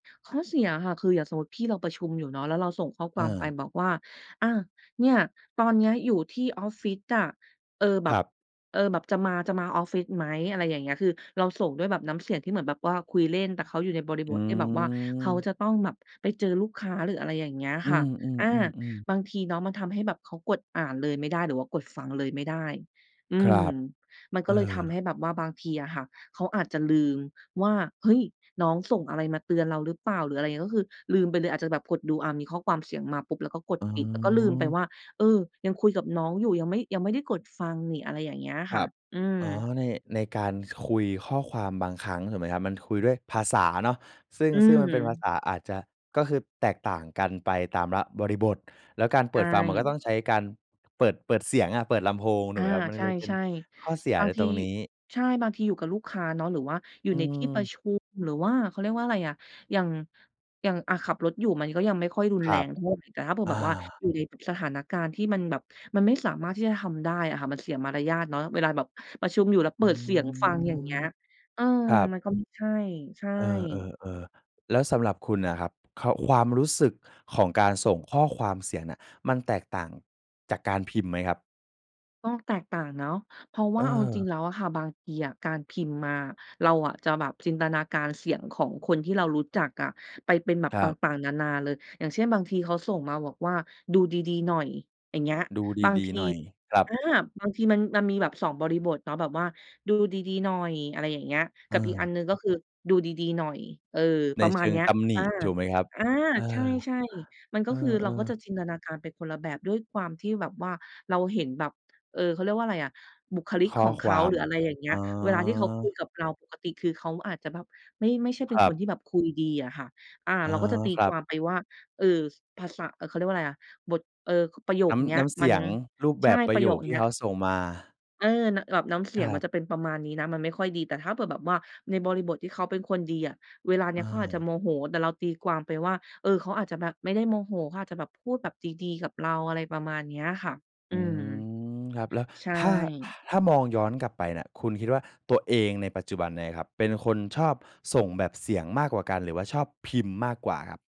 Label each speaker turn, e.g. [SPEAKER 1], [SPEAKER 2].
[SPEAKER 1] ข้อเสียอะค่ะ คืออย่างสมมุติพี่เราประชุมอยู่เนาะ แล้วเราส่งข้อความไป
[SPEAKER 2] เออ
[SPEAKER 1] บอกว่า อา "เนี่ย ตอนเนี้ยอยู่ที่ออฟฟิศอะ เออ แบ
[SPEAKER 2] คร
[SPEAKER 1] บ
[SPEAKER 2] ับ
[SPEAKER 1] เออ แบบจะมา จะมาออฟฟิศไหม?" อะไรอย่างเงี้ย คือเราส่งด้วยน้ำเสียงที่เหมือนแบบว่าคุยเล่น แต่เขาอยู่ในบริ
[SPEAKER 2] อื
[SPEAKER 1] บทที่แบบว่าเขา
[SPEAKER 2] ม
[SPEAKER 1] จะต้องแบบไปเจอลูกค้า หรืออะไรอย่างเงี้ย
[SPEAKER 2] อื
[SPEAKER 1] ค่ะ อา
[SPEAKER 2] ม ๆ ๆ ๆ
[SPEAKER 1] บางทีเนาะมันทำให้แบบเขากดอ่านเลยไม่ได้ หรือว่ากดฟังเลยไม่ได้ อื
[SPEAKER 2] ครั
[SPEAKER 1] ม
[SPEAKER 2] บ
[SPEAKER 1] มัน
[SPEAKER 2] เ
[SPEAKER 1] ก็
[SPEAKER 2] อ
[SPEAKER 1] เลยท
[SPEAKER 2] อ
[SPEAKER 1] ำให้แบบว่าบางทีอะค่ะ เขาอาจจะลืมว่า เฮ้ย! น้องส่งอะไรมาเตือนเราหรือเปล่า หรืออะไรอย่างเงี้ย ก็คือลืมไปเลย อาจจะแบบกดดู อา มีข้อความเสียงมาปุ๊บ แล้วก็กด
[SPEAKER 2] อ๋
[SPEAKER 1] ปิด แล้วก็ลืมไป
[SPEAKER 2] อ
[SPEAKER 1] ว่า เออ ยังคุยกับน้องอยู่ ยังไม่ ยังไม่ได้กดฟังนิ อะไรอย่างเงี้ย
[SPEAKER 2] ค
[SPEAKER 1] ค
[SPEAKER 2] ร
[SPEAKER 1] ่
[SPEAKER 2] ั
[SPEAKER 1] ะ
[SPEAKER 2] บ
[SPEAKER 1] อืม
[SPEAKER 2] อ๋อ ใน ในการคุยข้อความบางครั้ง ถูกไหมครับ มันคุยด้วยภาษาเนาะ ซึ่ง
[SPEAKER 1] อื
[SPEAKER 2] ซึ่งมันเป็นภา
[SPEAKER 1] ม
[SPEAKER 2] ษาอาจจะ ก็คือแตกต่างกันไปตามละ บริบท แล้วการเ
[SPEAKER 1] ใช
[SPEAKER 2] ปิดฟังมันก็
[SPEAKER 1] ่
[SPEAKER 2] ต้องใช้การเปิด เปิดเสียงอะ เปิดลำโพง ถ
[SPEAKER 1] อ
[SPEAKER 2] ูก
[SPEAKER 1] า
[SPEAKER 2] ไหมครับ มัน
[SPEAKER 1] ใช
[SPEAKER 2] เลยเป็น
[SPEAKER 1] ่
[SPEAKER 2] ข้อเสีย
[SPEAKER 1] ๆ บา
[SPEAKER 2] ใน
[SPEAKER 1] งท
[SPEAKER 2] ต
[SPEAKER 1] ี
[SPEAKER 2] รงนี้
[SPEAKER 1] ใช่ บางทีอยู่กับลูกค้าเนาะ หรือว่าอยู
[SPEAKER 2] อ
[SPEAKER 1] ่
[SPEAKER 2] ื
[SPEAKER 1] ในที่ป
[SPEAKER 2] ม
[SPEAKER 1] ระชุม หรือว่า เขาเรียกว่าอะไรอ่ะ อย่าง อย่างอะขับรถอยู่มันก็ยังไม่ค่อยรุ
[SPEAKER 2] ค
[SPEAKER 1] น
[SPEAKER 2] ร
[SPEAKER 1] แร
[SPEAKER 2] ับ
[SPEAKER 1] งเท่าไร แต่ถ้าเผื่อ
[SPEAKER 2] อ
[SPEAKER 1] แบ
[SPEAKER 2] า
[SPEAKER 1] บว่า อยู่ในสถานการณ์ที่มันแบบ มันไม่สามารถที่จะทำได้อะค่ะ มันเสียมารยาทเนาะ เวลาแบบประชุมอยู่แล้ว
[SPEAKER 2] อ
[SPEAKER 1] เ
[SPEAKER 2] ื
[SPEAKER 1] ปิดเสียงฟัง อย่างเง
[SPEAKER 2] ม
[SPEAKER 1] ี้ย เออ
[SPEAKER 2] ครับ
[SPEAKER 1] มันก็ไม่ใช่ ใช่
[SPEAKER 2] เออ ๆ ๆ แล้วสำหรับคุณน่ะครับ ค ความรู้สึกของการส่งข้อความเสียงเนี่ย มันแตกต่างจากการพิมพ์ไหมครับ?
[SPEAKER 1] ต้องแตกต่างเนาะ เพราะว่าเอาจริง
[SPEAKER 2] เออ
[SPEAKER 1] แล้วอะค่ะ บางทีอะการพิมพ์มา เราอะจะแบบจินตนาการเสียงของคนที่เรารู้จักอะ ไปเป็นแบ
[SPEAKER 2] ค
[SPEAKER 1] บ
[SPEAKER 2] ร
[SPEAKER 1] ต
[SPEAKER 2] ับ
[SPEAKER 1] ่าง ๆ นานาเลย อย่างเช่น บางทีเขาส่งมาบอกว่า "ดูดี ๆ หน่อย" อย่างเงี้ย
[SPEAKER 2] ดู
[SPEAKER 1] บาง
[SPEAKER 2] ดี
[SPEAKER 1] ท
[SPEAKER 2] ๆ
[SPEAKER 1] ี
[SPEAKER 2] หน่อยครั
[SPEAKER 1] อ
[SPEAKER 2] บ
[SPEAKER 1] า บางทีมัน มันมีแบบสองบริบทเนาะ แบบว่า "ดูดี ๆ หน่อย" อะไรอย่างเงี้ย ก
[SPEAKER 2] เ
[SPEAKER 1] ับอีกอัน
[SPEAKER 2] ออ
[SPEAKER 1] หนึ่ง ก็คือ "ดูดี ๆ หน่อย" เอ่อ
[SPEAKER 2] ใน
[SPEAKER 1] ประม
[SPEAKER 2] เช
[SPEAKER 1] าณ
[SPEAKER 2] ิง
[SPEAKER 1] เนี้ย
[SPEAKER 2] ตำหน
[SPEAKER 1] อ
[SPEAKER 2] ิ
[SPEAKER 1] า
[SPEAKER 2] ถูกไหมครับ?
[SPEAKER 1] อา
[SPEAKER 2] เอ
[SPEAKER 1] ใช
[SPEAKER 2] อ
[SPEAKER 1] ่ ๆ มันก
[SPEAKER 2] เอ
[SPEAKER 1] ็คือ เราก
[SPEAKER 2] อ
[SPEAKER 1] ็จะ
[SPEAKER 2] ๆ
[SPEAKER 1] จินตนาการไปคนละแบบ ด้วยความที่แบบว่าเราเห็นแบบ เออ เขาเรียกว่าอะไรอะ บุคลิก
[SPEAKER 2] ข้
[SPEAKER 1] ข
[SPEAKER 2] อ
[SPEAKER 1] องเข
[SPEAKER 2] คว
[SPEAKER 1] า
[SPEAKER 2] า
[SPEAKER 1] ห
[SPEAKER 2] ม
[SPEAKER 1] รืออะไรอย่างเงี้
[SPEAKER 2] อ
[SPEAKER 1] ย เวลาที่เขาคุ
[SPEAKER 2] า
[SPEAKER 1] ยกับเราปกติ คือเขาอาจจะแบบไม่ ไม่ใช่เ
[SPEAKER 2] ค
[SPEAKER 1] ป็น
[SPEAKER 2] รั
[SPEAKER 1] ค
[SPEAKER 2] บ
[SPEAKER 1] นที่แบบคุยดีอะค่ะ อ่า
[SPEAKER 2] อ๋อ
[SPEAKER 1] เราก็จะตี
[SPEAKER 2] ครั
[SPEAKER 1] ค
[SPEAKER 2] บ
[SPEAKER 1] วามไปว่า เอ่อ ภาษา เขาเรียกว่าอะไรอะ บท เอ่อ ประโย
[SPEAKER 2] น
[SPEAKER 1] ค
[SPEAKER 2] ้
[SPEAKER 1] เนี
[SPEAKER 2] ำ
[SPEAKER 1] ้
[SPEAKER 2] น
[SPEAKER 1] ย
[SPEAKER 2] ้ำเส
[SPEAKER 1] มั
[SPEAKER 2] ี
[SPEAKER 1] น
[SPEAKER 2] ยง รูปแ
[SPEAKER 1] ใ
[SPEAKER 2] บ
[SPEAKER 1] ช่
[SPEAKER 2] บปร
[SPEAKER 1] ป
[SPEAKER 2] ะ
[SPEAKER 1] ระ
[SPEAKER 2] โย
[SPEAKER 1] โย
[SPEAKER 2] ค
[SPEAKER 1] ค
[SPEAKER 2] ที
[SPEAKER 1] เน
[SPEAKER 2] ่
[SPEAKER 1] ี้
[SPEAKER 2] เข
[SPEAKER 1] ย
[SPEAKER 2] าส่งมา
[SPEAKER 1] เออ น แบบน้ำเส
[SPEAKER 2] ค
[SPEAKER 1] ี
[SPEAKER 2] ร
[SPEAKER 1] ยง
[SPEAKER 2] ั
[SPEAKER 1] มั
[SPEAKER 2] บ
[SPEAKER 1] นจะเป็นประมาณนี้นะ มันไม่ค่อยดี แต่ถ้าเผื่อแบบว่าในบริบทที่เขาเป็นคนดีอะ เวลาเนี้
[SPEAKER 2] อ
[SPEAKER 1] ยเขาอาจจะ
[SPEAKER 2] า
[SPEAKER 1] โมโห แต่เราตีความไปว่า เออ เขาอาจจะแบบไม่ได้โมโห เขาอาจจะแบบพูดแบบดี ๆ กับเรา อะไรประมาณเนี้ยค่ะ อ
[SPEAKER 2] อ
[SPEAKER 1] ื
[SPEAKER 2] ื
[SPEAKER 1] ม
[SPEAKER 2] ม ครับ แล้ว
[SPEAKER 1] ใช่
[SPEAKER 2] ถ้า ถ้ามองย้อนกลับไปน่ะ คุณคิดว่า ตัวเองในปัจจุบันเนี่ยครับ เป็นคนชอบส่งแบบเสียงมากกว่ากันหรือว่าชอบพิมพ์มากกว่าครับ?